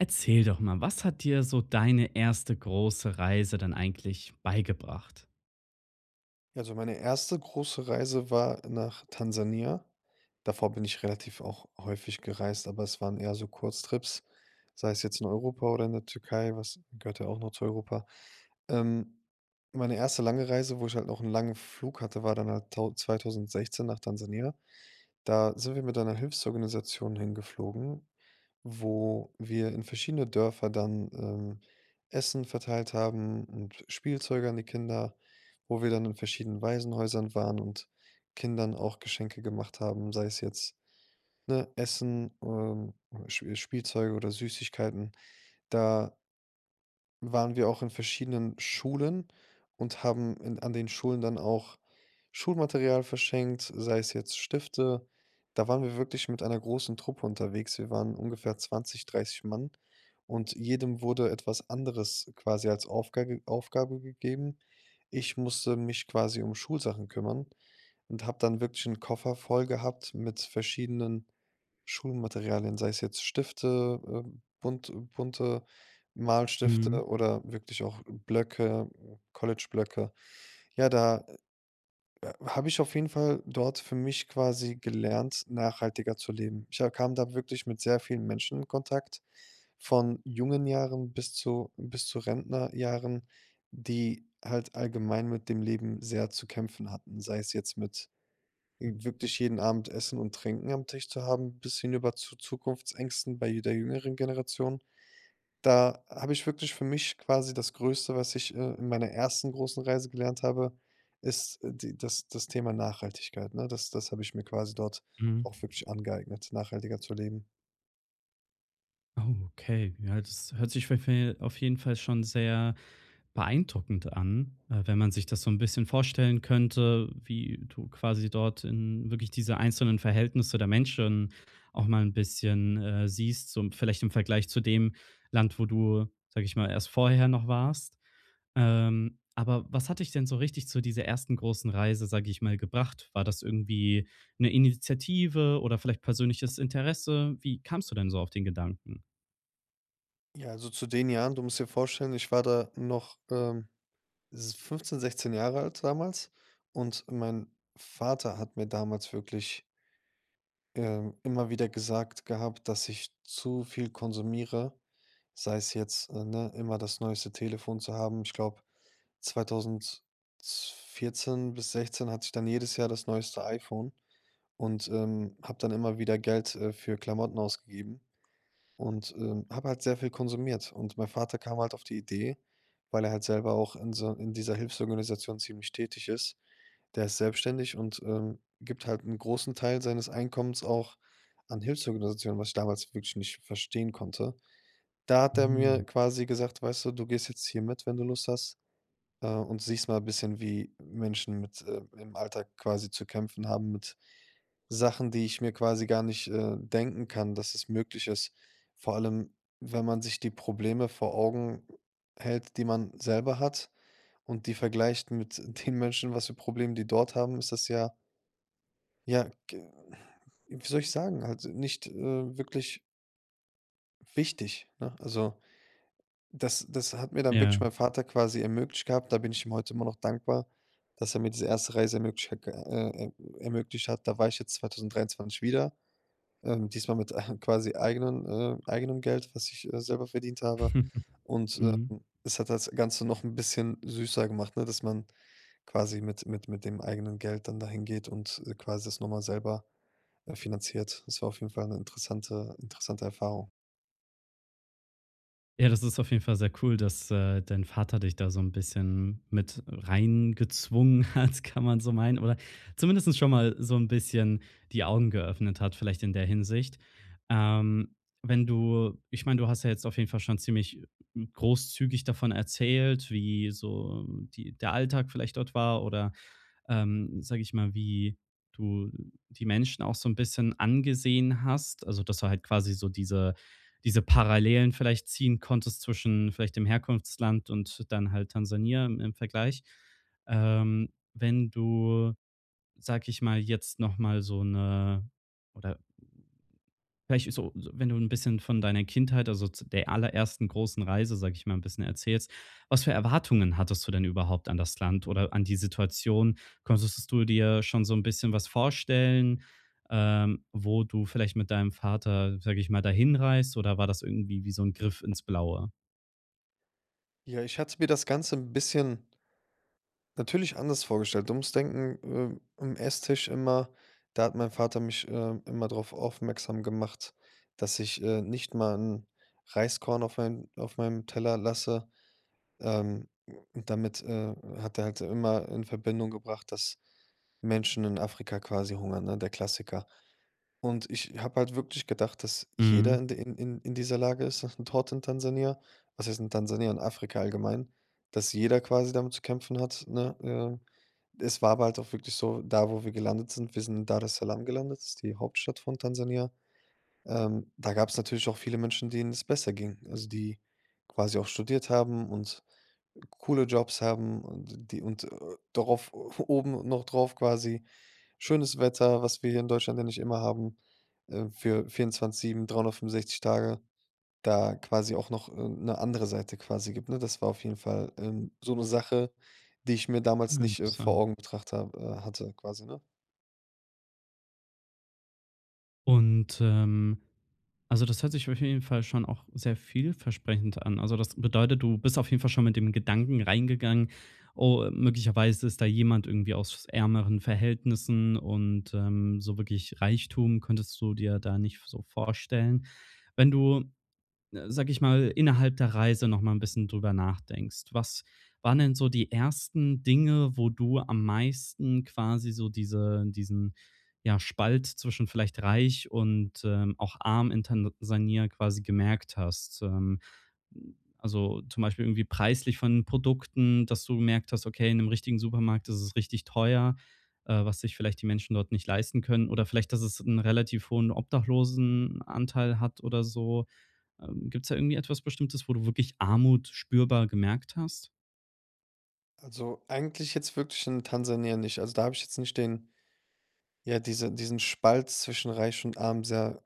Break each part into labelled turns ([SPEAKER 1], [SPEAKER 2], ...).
[SPEAKER 1] Erzähl doch mal, was hat dir so deine erste große Reise denn eigentlich beigebracht?
[SPEAKER 2] Ja, so meine erste große Reise war nach Tansania. Davor bin ich relativ auch häufig gereist, aber es waren eher so Kurztrips, sei es jetzt in Europa oder in der Türkei, was gehört ja auch noch zu Europa. Ähm. Meine erste lange Reise, wo ich halt noch 'n langen Flug hatte, war dann da tau 2016 nach Tansania. Da sind wir mit einer Hilfsorganisation hingeflogen, wo wir in verschiedene Dörfer dann, ähm, Essen verteilt haben und Spielzeuge an die Kinder. Wo wir dann in verschiedenen Waisenhäusern waren und Kindern auch Geschenke gemacht haben, sei es jetzt, ne, Essen, ähm, Sch Spielzeuge oder Süßigkeiten. Da waren wir auch in verschiedenen Schulen und haben in an den Schulen dann auch Schulmaterial verschenkt, sei es jetzt Stifte. Da waren wir wirklich mit einer großen Truppe unterwegs. Wir waren ungefähr 20, 30 Mann, und jedem wurde etwas anderes quasi als Aufga Aufgabe gegeben. Ich musste mich quasi um Schulsachen kümmern und habe dann wirklich 'n Koffer voll gehabt mit verschiedenen Schulmaterialien, sei es jetzt Stifte, äh, bunt bunte
[SPEAKER 1] Mhm.
[SPEAKER 2] Malstifte oder wirklich auch Blöcke, College-Blöcke. Ja, da, äh, habe ich auf jeden Fall dort für mich quasi gelernt, nachhaltiger zu leben. Ich ha kam da wirklich mit sehr vielen Menschen in Kontakt, von jungen Jahren bis zu bis zu Rentnerjahren, die halt allgemein mit dem Leben sehr zu kämpfen hatten, sei es jetzt mit w wirklich jeden Abend Essen und Trinken am Tisch zu haben bis hinüber zu Zukunftsängsten bei der jüngeren Generation. Da habe ich wirklich für mich quasi das Größte, was ich, äh, in meiner ersten großen Reise gelernt habe, ist die das das Thema Nachhaltigkeit, ne? Das das habe ich mir quasi dort
[SPEAKER 1] Mhm.
[SPEAKER 2] auch wirklich angeeignet, nachhaltiger zu leben.
[SPEAKER 1] Oh, okay, ja, das hört sich für, äh auf jeden Fall schon sehr beeindruckend an, äh, wenn man sich das so 'n bisschen vorstellen könnte, wie du quasi dort in wirklich diese einzelnen Verhältnisse der Menschen auch mal 'n bisschen, äh, siehst, so im vielleicht im Vergleich zu dem Land, wo du, sage ich mal, erst vorher noch warst. Ähm, aber was hat dich denn so richtig zu dieser ersten großen Reise, sage ich mal, gebracht? War das irgendwie 'ne Initiative oder vielleicht persönliches Interesse? Wie kamst du denn so auf den Gedanken?
[SPEAKER 2] Ja, also zu den Jahren, du musst dir vorstellen, ich war da noch, ähm, s 15, 16 Jahre alt damals. Und mein Vater hat mir damals wirklich. Ähm, immer wieder gesagt gehabt, dass ich zu viel konsumiere, sei es jetzt, äh, ne, immer das neueste Telefon zu haben. Ich glaube, zweitausendzw 2014 bis 2016 hatte ich dann jedes Jahr das neueste iPhone und, ähm, habe dann immer wieder Geld, äh, für Klamotten ausgegeben. Und, ähm, habe halt sehr viel konsumiert. Und mein Vater kam halt auf die Idee, weil er halt selber auch in so in dieser Hilfsorganisation ziemlich tätig ist. Der ist selbstständig und, ähm, gibt halt 'n großen Teil seines Einkommens auch an Hilfsorganisationen, was ich damals wirklich nicht verstehen konnte. Da hat er mir
[SPEAKER 1] Mhm.
[SPEAKER 2] quasi gesagt: „Weißt du, du gehst jetzt hier mit, wenn du Lust hast, und, äh, siehst mal bisschen, wie Menschen mit äh, im Alltag quasi zu kämpfen haben mit Sachen, die ich mir quasi gar nicht, äh, denken kann, dass es möglich ist.“ Vor allem, wenn man sich die Probleme vor Augen hält, die man selber hat und die vergleicht mit den Menschen, was für Probleme die dort haben, ist das ja ja, g wie soll ich sagen? Halt nicht, äh, wirklich wichtig, ne? Also, das das hat mir dann wirklich
[SPEAKER 1] Ja.
[SPEAKER 2] mein Vater quasi ermöglicht gehabt. Da bin ich ihm heute immer noch dankbar, dass er mir diese erste Reise ermöglich ha g äh, äh, ermöglicht hat. Da war ich jetzt 2023 wieder, diesmal mit, äh, eigenen äh, eigenem Geld, was ich, äh, selber verdient habe. Und,
[SPEAKER 1] Mhm.
[SPEAKER 2] ähm, es hat das Ganze noch 'n bisschen süßer gemacht, ne, dass man quasi mit mit mit dem eigenen Geld dann dahingeht und, äh, quasi das noch mal selber, äh, finanziert. Das war auf jeden Fall 'ne interessante interessante Erfahrung.
[SPEAKER 1] Ja, das ist auf jeden Fall sehr cool, dass, äh, dein Vater dich da so 'n bisschen mit reingezwungen hat, kann man so meinen. Oder zumindest schon mal so 'n bisschen die Augen geöffnet hat vielleicht in der Hinsicht. Ähm, wenn du ich meine, du hast ja jetzt auf jeden Fall schon ziemlich großzügig davon erzählt, wie so die der Alltag vielleicht dort war oder, ähm, sage ich mal, wie du die Menschen auch so 'n bisschen angesehen hast. Also, dass du halt quasi so diese diese Parallelen vielleicht ziehen konntest zwischen vielleicht dem Herkunftsland und dann halt Tansania im im Vergleich. Ähm, wenn du, sage ich mal, jetzt noch mal so 'ne oder vielleicht so, wenn du 'n bisschen von deiner Kindheit, also z der allerersten großen Reise, sage ich mal, 'n bisschen erzählst, was für Erwartungen hattest du denn überhaupt an das Land oder an die Situation? Konntest du dir schon so 'n bisschen was vorstellen, ähm, wo du vielleicht mit deinem Vater, sage ich mal, dahin reist oder war das irgendwie wie so 'n Griff ins Blaue?
[SPEAKER 2] Ja, ich hatte mir das Ganze 'n bisschen natürlich anders vorgestellt. Du musst denken, äh, am Esstisch immer, da hat mein Vater mich, ähm, immer drauf aufmerksam gemacht, dass ich, äh, nicht mal 'n Reiskorn auf meinen auf meinem Teller lasse. Ähm, damit, äh, hat er halt immer in Verbindung gebracht, dass Menschen in Afrika quasi hungern, ne, der Klassiker. Und ich habe halt wirklich gedacht, dass jeder
[SPEAKER 1] Mhm.
[SPEAKER 2] in de in in dieser Lage ist das ist 'n dort in Tansania, was heißt in Tansania, in Afrika allgemein, dass jeder quasi damit zu kämpfen hat, ne? Ähm, es war aber halt auch wirklich so da, wo wir gelandet sind wir sind Daressalam gelandet, das ist die Hauptstadt von Tansania. Ähm, da gab's natürlich auch viele Menschen, denen es besser ging, also die quasi auch studiert haben und coole Jobs haben und die und, äh, darauf oben noch drauf quasi: Schönes Wetter, was wir hier in Deutschland ja nicht immer haben, ähm für 24/7, 365 Tage, da quasi auch noch 'ne andere Seite quasi gibt, ne? Das war auf jeden Fall, ähm, so 'ne Sache, die ich mir damals
[SPEAKER 1] Ah,
[SPEAKER 2] nicht, äh, vor
[SPEAKER 1] interessant.
[SPEAKER 2] Augen betrachtet habe äh, hatte quasi, ne?
[SPEAKER 1] Und, ähm, also das hört sich auf jeden Fall schon auch sehr vielversprechend an. Also das bedeutet, du bist auf jeden Fall schon mit dem Gedanken reingegangen: „Oh, möglicherweise ist da jemand irgendwie aus ärmeren Verhältnissen“, und, ähm, so wirklich Reichtum könntest du dir da nicht v so vorstellen. Wenn du, sage ich mal, innerhalb der Reise noch mal 'n bisschen drüber nachdenkst: Was waren denn so die ersten Dinge, wo du am meisten quasi so diese diesen, ja, Spalt zwischen vielleicht reich und, ähm, auch arm in Tansania quasi gemerkt hast? Ähm, also zum Beispiel irgendwie preislich von Produkten, dass du gemerkt hast: „Okay, in 'nem richtigen Supermarkt ist es richtig teuer“, äh, was sich vielleicht die Menschen dort nicht leisten können oder vielleicht, dass es 'n relativ hohen Obdachlosenanteil hat oder so. Ähm, gibt's da irgendwie etwas Bestimmtes, wo du wirklich Armut spürbar gemerkt hast?
[SPEAKER 2] Also, eigentlich jetzt wirklich in Tansania nicht. Also, da habe ich jetzt nicht den ja, diese diesen Spalt zwischen Reich und Arm sehr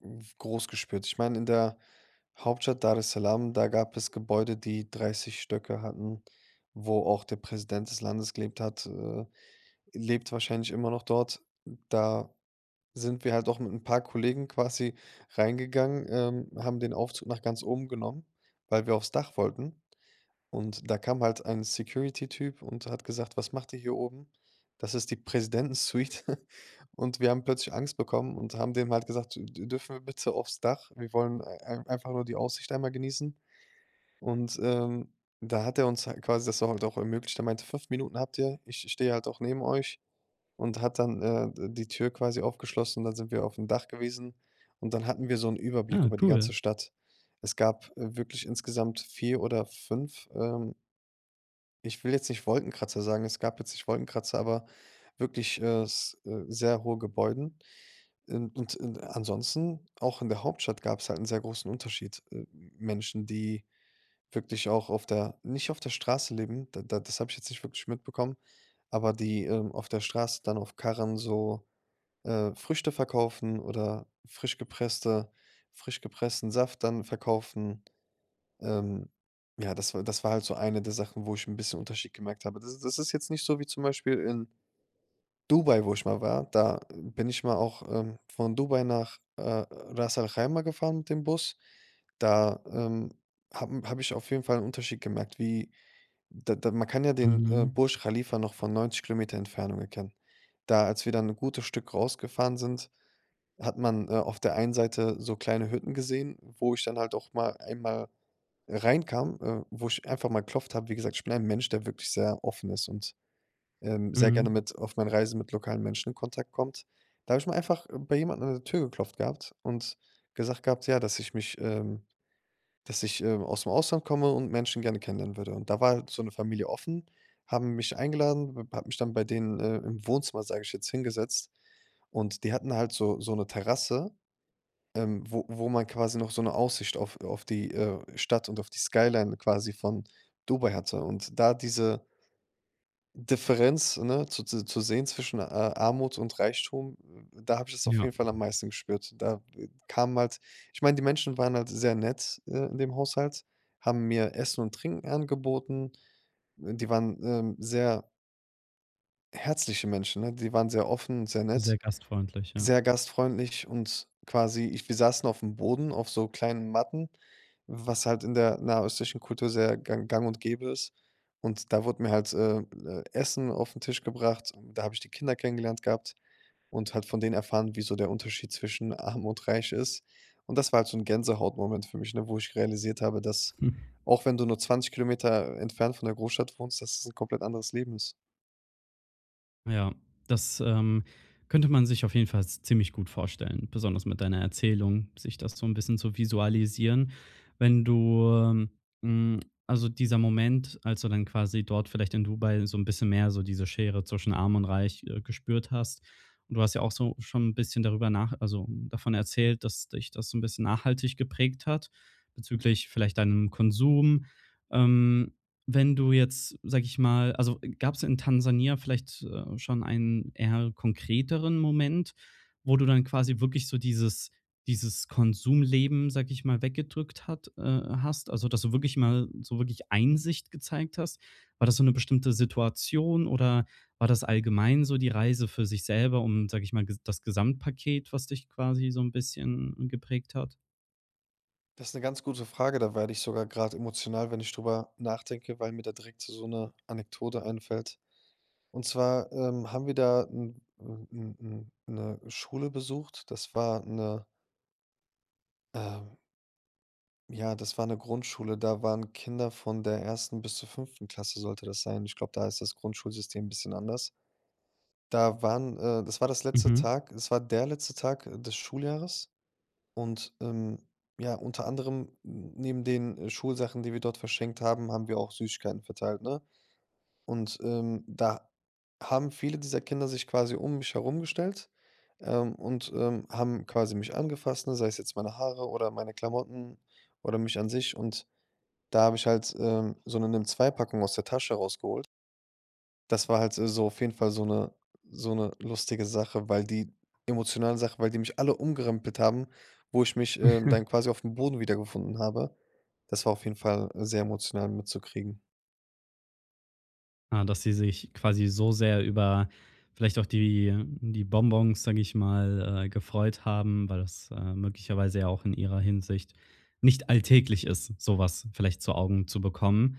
[SPEAKER 2] w groß gespürt. Ich meine in der Hauptstadt Daressalam, da gab es Gebäude, die 30 Stöcke hatten, wo auch der Präsident des Landes gelebt hat, äh, lebt wahrscheinlich immer noch dort. Da sind wir halt auch mit 'n paar Kollegen quasi reingegangen, ähm, haben den Aufzug nach ganz oben genommen, weil wir aufs Dach wollten. Und da kam halt ein Security Typ und hat gesagt: „Was macht ihr hier oben? Das ist die Präsidentensuite." Und wir haben plötzlich Angst bekommen und haben dem halt gesagt: „D dürfen wir bitte aufs Dach? Wir wollen ei einfach nur die Aussicht einmal genießen." Und, ähm, da hat er uns halt quasi das auch halt auch ermöglicht. Er meinte: „5 Minuten habt ihr. Ich ich stehe halt auch neben euch". Und hat dann, äh, d die Tür quasi aufgeschlossen, dann sind wir aufm Dach gewesen. Und dann hatten wir so 'nen Überblick
[SPEAKER 1] Äh
[SPEAKER 2] über die
[SPEAKER 1] Cool.
[SPEAKER 2] ganze Stadt. Es gab, äh, wirklich insgesamt 4 oder 5, ähm ich will jetzt nicht Wolkenkratzer sagen, es gab jetzt nicht Wolkenkratzer, aber wirklich, äh, s äh, sehr hohe Gebäuden. In und in ansonsten, auch in der Hauptstadt gab's halt 'n sehr großen Unterschied. Äh, Menschen, die wirklich auch auf der nicht auf der Straße leben, da da das habe ich jetzt nicht wirklich mitbekommen, aber die, ähm, auf der Straße dann auf Karren so, äh, Früchte verkaufen oder frisch gepresste frisch gepressten Saft dann verkaufen. Ähm, ja, das war das war halt so eine der Sachen, wo ich 'n bisschen Unterschied gemerkt habe. Das das ist jetzt nicht so wie zum Beispiel in Dubai, wo ich mal war. Da bin ich mal auch, ähm, von Dubai nach, äh, [unintelligible] gefahren mit dem Bus. Da, ähm, habe m habe ich auf jeden Fall 'n Unterschied gemerkt, wie da da man kann ja den, äh,
[SPEAKER 1] Mhm.
[SPEAKER 2] Burj Khalifa noch von 90 km Entfernung erkennen. Da als wir dann ein gutes Stück rausgefahren sind, hat man, äh, auf der einen Seite so kleine Hütten gesehen, wo ich dann halt auch mal einmal reinkam, äh, wo ich einfach mal geklopft habe. Wie gesagt, ich bin ja 'n Mensch, der wirklich sehr offen ist und, ähm, sehr gerne
[SPEAKER 1] Mhm.
[SPEAKER 2] mit auf meinen Reisen mit lokalen Menschen in Kontakt kommt. Da habe ich mal einfach bei jemanden an der Tür geklopft gehabt und gesagt gehabt, ja, dass ich mich, ähm dass ich, ähm, ausm Ausland komme und Menschen gerne kennenlernen würde. Und da war halt so 'ne Familie offen, haben mich eingeladen, w hat mich dann bei denen, äh, im Wohnzimmer, sage ich jetzt, hingesetzt. Und die hatten halt so so 'ne Terrasse, ähm, wo wo man quasi noch so 'ne Aussicht auf, äh auf die, äh, Stadt und auf die Skyline quasi von Dubai hatte. Und da diese Differenz, ne, zu zu zu sehen zwischen, äh, Armut und Reichtum, w w da habe ich das auf
[SPEAKER 1] Ja.
[SPEAKER 2] jeden Fall am meisten gespürt. Da kamen halt ich meine, die Menschen waren halt sehr nett, äh, in dem Haushalt, haben mir Essen und Trinken angeboten. Die waren, ähm, sehr herzliche Menschen, ne? Die waren sehr offen, sehr nett,
[SPEAKER 1] Sehr gastfreundlich, ja.
[SPEAKER 2] sehr gastfreundlich und quasi ich wir saßen aufm Boden auf so kleinen Matten, was halt in der nahöstlichen Kultur sehr gang gang und gäbe ist. Und da wurde mir halt äh, äh, Essen aufm Tisch gebracht und da habe ich die Kinder kennengelernt gehabt und halt von denen erfahren, wie so der Unterschied zwischen Arm und Reich ist. Und das war halt so 'n Gänsehautmoment für mich, ne, wo ich realisiert habe, dass, auch wenn du nur 20 km entfernt von der Großstadt wohnst, dass es 'n komplett anderes Leben ist.
[SPEAKER 1] Ja, das, ähm, könnte man sich auf jeden Fall z ziemlich gut vorstellen, besonders mit deiner Erzählung, sich das so 'n bisschen zu visualisieren. Wenn du, äh, hm also, dieser Moment, als du dann quasi dort vielleicht in Dubai so 'n bisschen mehr so diese Schere zwischen Arm und Reich, äh, gespürt hast und du hast ja auch so schon bisschen darüber nach also, davon erzählt, dass dich das so 'n bisschen nachhaltig geprägt hat bezüglich vielleicht deinem Konsum. Ähm. Wenn du jetzt, sage ich mal also gab's in Tansania vielleicht, äh, schon einen eher konkreteren Moment, wo du dann quasi wirklich so dieses dieses Konsumleben, sage ich mal, weggedrückt hat äh, hast? Also, dass du wirklich mal so wirklich Einsicht gezeigt hast? War das so 'ne bestimmte Situation oder war das allgemein so die Reise für sich selber, um sag ich mal g das Gesamtpaket, was dich quasi so 'n bisschen geprägt hat?
[SPEAKER 2] Das ist 'ne ganz gute Frage, da werde ich sogar grad emotional, wenn ich drüber nachdenke, weil mir da direkt so 'ne Anekdote einfällt. Und zwar, ähm, haben wir da 'n 'n 'n 'n 'ne Schule besucht. Das war 'ne ähm ja, das war 'ne Grundschule. Da waren Kinder von der 1. bis zur 5. Klasse sollte das sein. Ich glaube, da ist das Grundschulsystem 'n bisschen anders. Da waren äh, das war das letzte
[SPEAKER 1] Mhm.
[SPEAKER 2] Tag. Es war der letzte Tag, äh, des Schuljahres. Und, ähm, ja, unter anderem n neben den, äh, Schulsachen, die wir dort verschenkt haben, haben wir auch Süßigkeiten verteilt, ne? Und, ähm, da haben viele dieser Kinder sich quasi um mich herum gestellt, ähm, und, ähm, haben quasi mich angefasst, ne, sei es jetzt meine Haare oder meine Klamotten oder mich an sich. Und da habe ich halt, ähm, so 'ne nimm2-Packung aus der Tasche rausgeholt. Das war halt, äh, so auf jeden Fall so 'ne so 'ne lustige Sache, weil die emotionale Sache, weil die mich alle umgerempelt haben, wo ich mich, ähm, dann quasi aufm Boden wiedergefunden habe. Das war auf jeden Fall sehr emotional mitzukriegen.
[SPEAKER 1] Ah, dass sie sich quasi so sehr über vielleicht auch die die Bonbons, sage ich mal, äh, gefreut haben, weil das, äh, möglicherweise ja auch in ihrer Hinsicht nicht alltäglich ist, so was vielleicht zu Augen zu bekommen.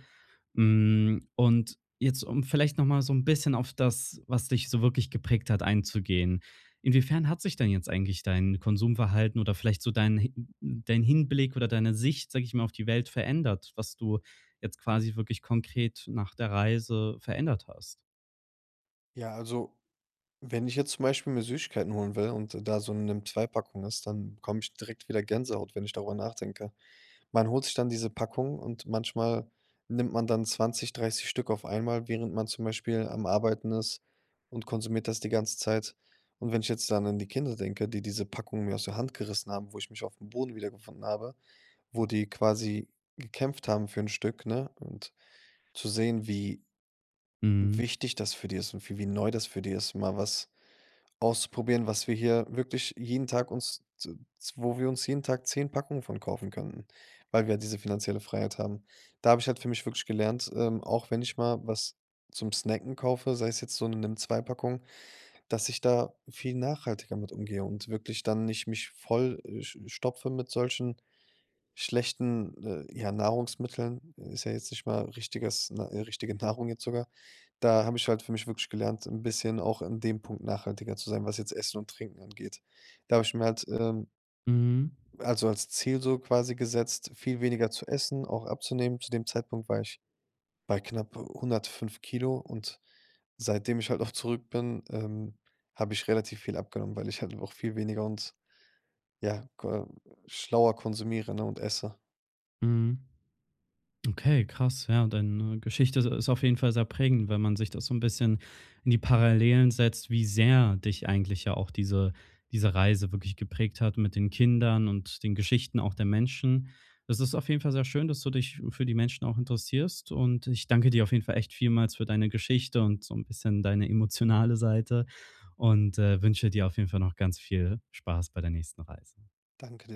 [SPEAKER 1] Hm, und jetzt, um vielleicht noch mal so 'n bisschen auf das, was dich so wirklich geprägt hat, einzugehen: Inwiefern hat sich denn jetzt eigentlich dein Konsumverhalten oder vielleicht so dein hi dein Hinblick oder deine Sicht, sage ich mal, auf die Welt verändert, was du jetzt quasi wirklich konkret nach der Reise verändert hast?
[SPEAKER 2] Ja, also, wenn ich jetzt zum Beispiel mir Süßigkeiten holen will und da so 'ne Nimm2-Packung ist, dann bekomme ich direkt wieder Gänsehaut, wenn ich darüber nachdenke. Man holt sich dann diese Packung und manchmal nimmt man dann 20, 30 Stück auf einmal, während man zum Beispiel am Arbeiten ist und konsumiert das die ganze Zeit. Und wenn ich jetzt dann an die Kinder denke, die diese Packung mir aus der Hand gerissen haben, wo ich mich aufm Boden wiedergefunden habe, wo die quasi gekämpft haben für 'n Stück, ne? Und zu sehen, wie
[SPEAKER 1] Mhm.
[SPEAKER 2] wichtig das für die ist und wie wie neu das für die ist, mal was auszuprobieren, was wir hier wirklich jeden Tag uns, z wo wir uns jeden Tag 10 Packungen von kaufen könnten, weil wir diese finanzielle Freiheit haben. Da habe ich halt für mich wirklich gelernt, ähm, auch wenn ich mal was zum snacken kaufe, sei es jetzt so 'ne Nimm2-Packung, dass ich da viel nachhaltiger mit umgehe und wirklich dann nicht mich voll äh, sch stopfe mit solchen schlechten, äh, ja, Nahrungsmitteln ist ja jetzt nicht mal richtiges ne, richtige Nahrung jetzt sogar. Da habe ich halt für mich wirklich gelernt, 'n bisschen auch in dem Punkt nachhaltiger zu sein, was jetzt Essen und Trinken angeht. Da habe ich mir halt, ähm
[SPEAKER 1] Mhm.
[SPEAKER 2] also, als Ziel so quasi gesetzt, viel weniger zu essen, auch abzunehmen. Zu dem Zeitpunkt war ich bei knapp 105 Kilo und seitdem ich halt auch zurück bin, ähm, habe ich relativ viel abgenommen, weil ich halt auch viel weniger und, ja, k schlauer konsumiere ne, und esse.
[SPEAKER 1] Mhm. Okay, krass, ja. Deine Geschichte ist ist auf jeden Fall sehr prägend, wenn man sich das so 'n bisschen in die Parallelen setzt, wie sehr dich eigentlich ja auch diese diese Reise wirklich geprägt hat mit den Kindern und den Geschichten auch der Menschen. Es ist auf jeden Fall sehr schön, dass du dich für die Menschen auch interessierst, und ich danke dir auf jeden Fall echt vielmals für deine Geschichte und so 'n bisschen deine emotionale Seite und, äh, wünsche dir auf jeden Fall noch ganz viel Spaß bei der nächsten Reise.
[SPEAKER 2] Danke dir.